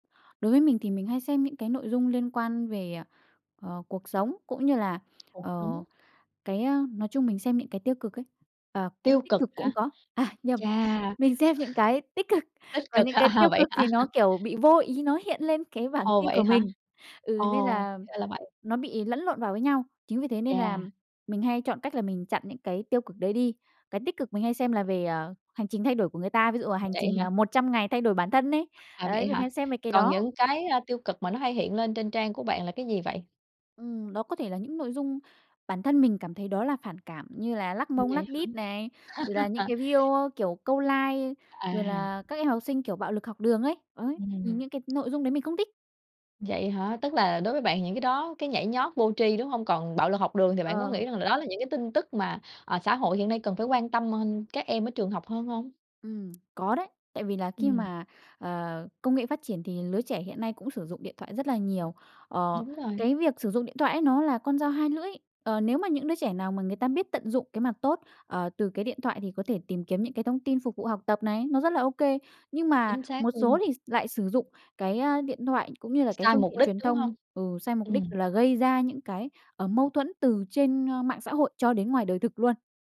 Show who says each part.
Speaker 1: Đối với mình thì mình hay xem những cái nội dung liên quan về, ờ, ờ, cuộc sống cũng như là,
Speaker 2: Cuộc sống.
Speaker 1: ờ, cái, a, nói chung mình xem những cái tiêu cực ấy, ờ, cũng
Speaker 2: Tiêu
Speaker 1: tích
Speaker 2: cực
Speaker 1: cực
Speaker 2: hả?
Speaker 1: cũng có, à, nhầm
Speaker 2: Chà!
Speaker 1: mình xem những cái tích cực
Speaker 2: Tích
Speaker 1: còn
Speaker 2: cực
Speaker 1: những
Speaker 2: ha
Speaker 1: cái
Speaker 2: ha,
Speaker 1: tiêu
Speaker 2: vậy
Speaker 1: cực
Speaker 2: hả?
Speaker 1: thì nó
Speaker 2: [unintelligible]
Speaker 1: kiểu bị vô ý nó hiện lên cái bảng
Speaker 2: Ồ,
Speaker 1: tin
Speaker 2: vậy
Speaker 1: của
Speaker 2: hả?
Speaker 1: mình ừ, nên
Speaker 2: Ồ,
Speaker 1: là
Speaker 2: ra là vậy.
Speaker 1: nó bị lẫn lộn vào với nhau, chính vì thế nên là
Speaker 2: Chà!
Speaker 1: mình hay chọn cách là mình chặn những cái tiêu cực đấy đi. Cái tích cực mình hay xem là về, ờ, hành trình thay đổi của người ta, ví dụ à hành
Speaker 2: Vậy
Speaker 1: trình,
Speaker 2: á
Speaker 1: ờ,
Speaker 2: hả?
Speaker 1: 100 ngày thay đổi bản thân ấy,
Speaker 2: À,
Speaker 1: đấy
Speaker 2: vậy
Speaker 1: mình
Speaker 2: hả?
Speaker 1: hay xem mấy cái
Speaker 2: Còn
Speaker 1: đó.
Speaker 2: những cái, a, tiêu cực mà nó hay hiện lên trên trang của bạn là cái gì vậy?
Speaker 1: Ừm, đó có thể là những nội dung bản thân mình cảm thấy đó là phản cảm như là lắc
Speaker 2: Ừm,
Speaker 1: mông,
Speaker 2: vậy
Speaker 1: lắc đít này rồi là những
Speaker 2: hả?
Speaker 1: cái video, kiểu, câu like, rồi
Speaker 2: À.
Speaker 1: là các em học sinh, kiểu, bạo lực học đường ấy, đấy, nhìn
Speaker 2: Ừm.
Speaker 1: những cái nội dung đấy mình không thích.
Speaker 2: Vậy hả? Tức là đối với bạn thì những cái đó, cái nhảy nhót vô tri, đúng hông? Còn bạo lực học đường thì bạn có
Speaker 1: Ờ.
Speaker 2: nghĩ rằng là đó là những cái tin tức mà, à, xã hội hiện nay cần phải quan tâm [unintelligible] các em ở trường học hơn hông?
Speaker 1: Ừm, có đấy tại vì là khi
Speaker 2: Ừm.
Speaker 1: mà, ờ, công nghệ phát triển thì lứa trẻ hiện nay cũng sử dụng điện thoại rất là nhiều. Ờ,
Speaker 2: Đúng rồi.
Speaker 1: cái việc sử dụng điện thoại ấy nó là con dao hai lưỡi, ờ, nếu mà những đứa trẻ nào mà người ta biết tận dụng cái mặt tốt, ờ, từ cái điện thoại thì có thể tìm kiếm những cái thông tin phục vụ học tập này nó rất là ô kê, nhưng mà
Speaker 2: Chính xác
Speaker 1: một
Speaker 2: luôn.
Speaker 1: số thì s lại sử dụng cái, ơ, điện thoại cũng như là cái
Speaker 2: Sai
Speaker 1: phương
Speaker 2: mục
Speaker 1: tiện
Speaker 2: đích,
Speaker 1: truyền
Speaker 2: đúng
Speaker 1: thông,
Speaker 2: hông?
Speaker 1: ừ, sai mục đích
Speaker 2: Ừm.
Speaker 1: là gây ra những cái, ờ, mâu thuẫn từ trên, ơ, mạng xã hội cho đến ngoài đời thực luôn.